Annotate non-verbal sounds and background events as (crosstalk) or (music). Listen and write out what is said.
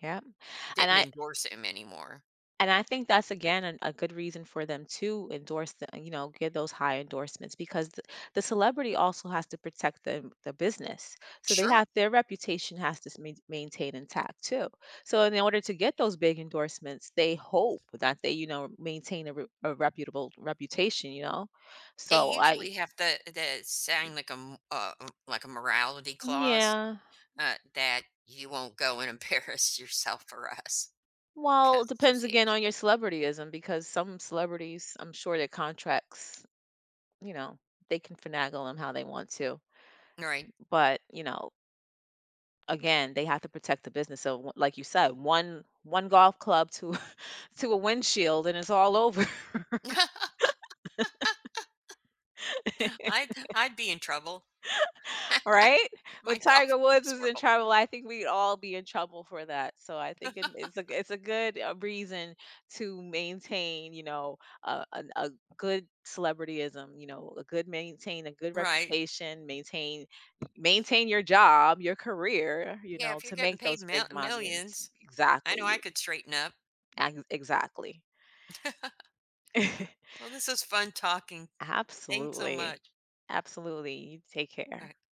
Yeah, and Didn't I endorse him anymore. and I think that's again an a good reason for them to endorse the you know, get those high endorsements because th the celebrity also has to protect the the business, so they Sure. have their reputation has to (unintelligible) maintained intact too. So in order to get those big endorsements, they hope that they, you know, maintain a r a reputable reputation, you know They so I usually have to to sign, like, a m uh, like, a morality clause, Yeah. uh, that you won't go and embarrass yourself for us Well, it 'cause depends again association. on your celebrityism because some celebrities I'm sure their contracts, you know, they can finagle them how they want to, b Right. but, you know again, they have to protect the business, so, w like you said, one one golf club to (laughs) to a windshield and it's all over. (laughs) I'd (laughs) I'd be in trouble. (laughs) Right, (laughs) when My golf Tiger Woods was is in horri trouble, I think we'd all be in trouble for that, so I think it it's a (laughs) it's a good, uh, reason to maintain, you know, uh, a a good celebrityism, you know, a good maintain a good Right. reputation, maintain, maintain your job, your career, you Yeah, know, if you're to getting make paid those m big monies, millions, I know I exactly. could straighten up. E exactly. (laughs) (laughs) Well, this is fun talking. Thanks so Absolutely, much. absolutely. You take care. Okay